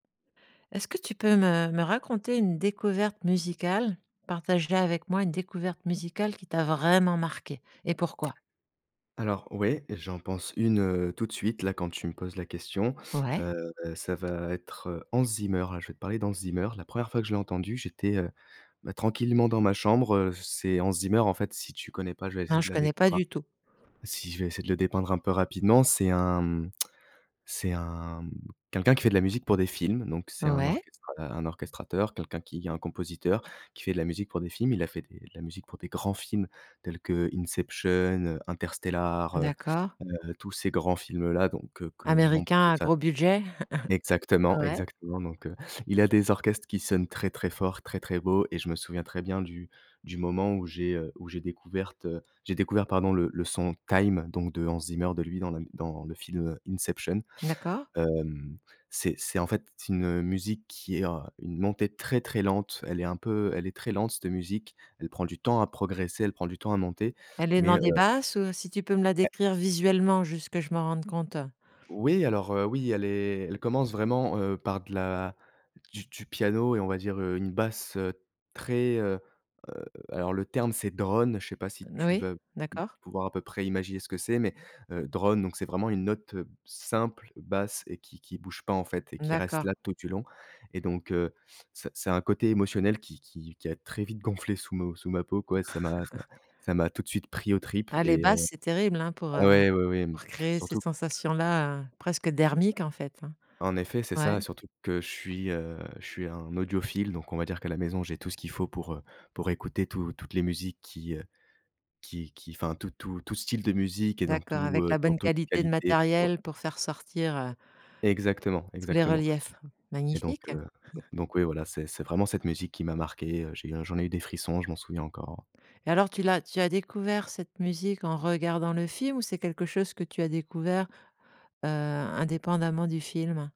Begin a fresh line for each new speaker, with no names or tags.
Est-ce que tu peux me me raconter une découverte musicale? Partage la avec moi, une découverte musicale qui t'a vraiment marqué? Et pourquoi?
Alors ouais, j'en pense une, heu, tout de suite là, quand tu me poses la question,
Ouais.
heu, ça va être Hans Zimmer. Je vais te parler d'Hans Zimmer. La 1re fois que je l'ai entendu, j'étais, heu, bah, tranquillement dans ma chambre, heu, c'est Hans Zimmer, en fait, si tu connais pas, je vais
Non,
essayer de
je
la dé
connais pas
enfin,
du tout.
si, je vais essayer de le dépeindre un peu rapidement. C'est un, mmh, c'est un, mmh, quelqu'un qui fait de la musique pour des films, donc c'est un
Ouais.
orchestra un orchestrateur, quelqu'un qui est un compositeur, qui fait de la musique pour des films. Il a fait des de la musique pour des grands films, tels que Inception, heu, Interstellar, heu
D'accord.
heu, tous ces grands films là donc que que on peut
Américain à
enfin,
gros budget.
exactement,
Ouais.
exactement donc, heu, il a des orchestres qui sonnent très, très fort, très, très beau et je me souviens très bien du du moment où j'ai, heu, où j'ai découverte j'ai découvert, pardon, le le son Time donc de Hans Zimmer, de lui, dans la m dans le film, heu, Inception.
D'accord.
Hem, c'est c'est, en fait, c'est une musique qui est, heu, une montée très, très lente. Elle est un peu elle est très lente cette musique. Elle prend du temps à progresser, elle prend du temps à monter,
Elle est
mais,
dans
heu
des basses ou si tu peux me la
Eh
décrire visuellement, juste que je me rende compte.
Oui, alors, heu, oui, elle est elle commence vraiment, heu, par de la du du piano et on va dire, heu, une basse, heu, très, heu heu, alors le terme c'est «drone», je sais pas si
N
tu
oui,
vas, mmh,
d'accord.
pouvoir à peu près imaginer ce que c'est, mais, heu, «drone» donc, c'est vraiment une note, heu, simple, basse et qui qui bouge pas, en fait, et qui reste
D'accord.
là, tout du long. Et donc, heu, c'est c'est un côté émotionnel qui qui qui a très vite gonflé sous mon sous ma peau, quoi, et ça m'a ça ça m'a tout de suite pris aux tripes
Ah les
et heu,
basses, c'est terrible, hein, pour, heu,
ah ouais, oui, oui, m
pour créer ces
surtout
sensations-là, heu, presque
b
dermiques, en fait, enfin.
en effet, c'est ça,
Ouais.
surtout que je suis, heu, je suis un audiophile donc on va dire qu'à la maison, j'ai tout ce qu'il faut pour, heu, pour écouter tout toutes les musiques qui, heu, qui qui enfin tout tout tout style de musique et dans
D'accord,
tout,
avec
heu,
la
dans
bonne
toute
qualité de
qualité. O
matériel pour faire sortir, heu
Exactement.
tous les
Exactement.
reliefs.
Et donc,
Magnifique.
heu, donc donc, oui, voilà, c'est c'est vraiment cette musique qui m'a marqué, heu, j'ai eu un j'en ai eu des frissons, je m'en souviens encore.
Et alors tu l'as tu as découvert cette musique en regardant le film ou c'est quelque chose que tu as découvert, heu, indépendamment du film?